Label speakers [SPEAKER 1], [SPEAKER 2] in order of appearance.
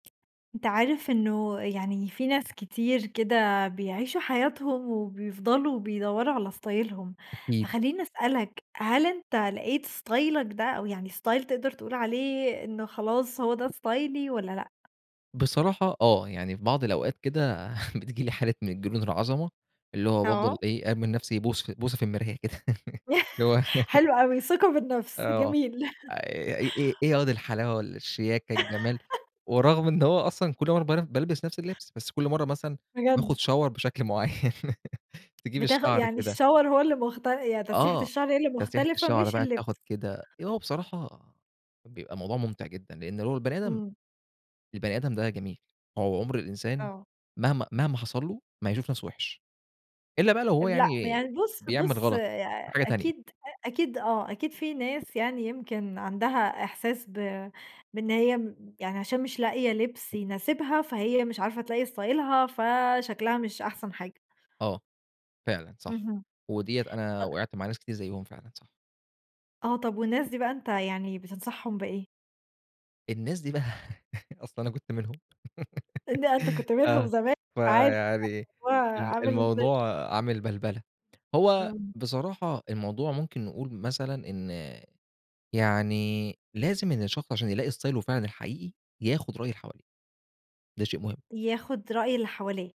[SPEAKER 1] أنت عارف إنه يعني في ناس كتير كده بيعيشوا حياتهم وبيفضَلوا وبيدوّروا على ستايلهم
[SPEAKER 2] أكيد.
[SPEAKER 1] فخلّيني أسألك، هل أنت لقيت ستايلك ده أو يعني ستايل تقدَر تقول عليه إنه خلاص هو ده ستايلي والَّا لأ؟
[SPEAKER 2] بصراحة آه، يعني في بعْض الأوقات كده بتيجي لي حالة من جنون العظَمة، اللي هو بافضَل
[SPEAKER 1] آه.
[SPEAKER 2] إيه، ارمي لنفْسي بوس بوسة في المرايا كده، اللي هو
[SPEAKER 1] حلو أوي، ثقة في النفْس،
[SPEAKER 2] آه،
[SPEAKER 1] جميل
[SPEAKER 2] آآ إ إيه ياض الحلاوة والّا الشياكة، الجَمال ورغم إن هو أصلًا كلّ مرَّة بر بالبِس نفْس اللِّبس، بس كلّ مرَّة مثلًا باخُد
[SPEAKER 1] بجد؟
[SPEAKER 2] شاور بشكْل معيّن تجيب
[SPEAKER 1] بتاخ
[SPEAKER 2] الشَّعر
[SPEAKER 1] يعني
[SPEAKER 2] كده
[SPEAKER 1] الشاور هو اللي مخت يعني تسريحة
[SPEAKER 2] آه،
[SPEAKER 1] الشَّعر هي اللي
[SPEAKER 2] تسريحة
[SPEAKER 1] مختلِفة،
[SPEAKER 2] الشَّعر
[SPEAKER 1] مش
[SPEAKER 2] بقى تاخد
[SPEAKER 1] اللِّبس.
[SPEAKER 2] كده هو بصراحة بيبقى الموضوع ممتِع جدًا، لأن لو البني آدم
[SPEAKER 1] إمم.
[SPEAKER 2] البني آدم ده جميل، هو عُمْر الإنسان
[SPEAKER 1] آه.
[SPEAKER 2] مهما مهما حصَل له ما هيشوف نفْسه وِحش إلا بقى لو هو
[SPEAKER 1] لأ،
[SPEAKER 2] يعني
[SPEAKER 1] يعني بُص،
[SPEAKER 2] بيعمل
[SPEAKER 1] بُص،
[SPEAKER 2] غلط،
[SPEAKER 1] يع
[SPEAKER 2] حاجة تانية.
[SPEAKER 1] أكيد، أ أكيد، آه أكيد في ناس يعني يمكن عَندها إحساس ب بإن هي م يعني عشان مش لاقية لِبس يناسبها، فهي مش عارفة تلاقي ستايلها، فشكْلها مش أحسَن حاجة.
[SPEAKER 2] آه. فعلًا صح،
[SPEAKER 1] اهم.
[SPEAKER 2] ودِيّة أنا
[SPEAKER 1] طَب
[SPEAKER 2] وقَعت مع ناس كتير زيّهم فعلًا، صح.
[SPEAKER 1] آه، طَب والناس دي بقى أنت يعني بتنصحهم بإيه؟
[SPEAKER 2] الناس دي بقى أصل أنا كنت منهم،
[SPEAKER 1] إن أنت كنت منهم
[SPEAKER 2] آه،
[SPEAKER 1] زمان، فعايزة
[SPEAKER 2] فيعني
[SPEAKER 1] [unintelligible]
[SPEAKER 2] ال
[SPEAKER 1] عامل إزاي.
[SPEAKER 2] الموضوع عامِل بَلبلة. هو
[SPEAKER 1] إمم.
[SPEAKER 2] بصراحة الموضوع ممكن نقول مثلًا إن يعني لازم إن الشخص عشان يلاقي إستايله فعلًا الحقيقي ياخد رأي اللي حواليه، ده شيء مهم.
[SPEAKER 1] ياخد رأي اللي حواليه.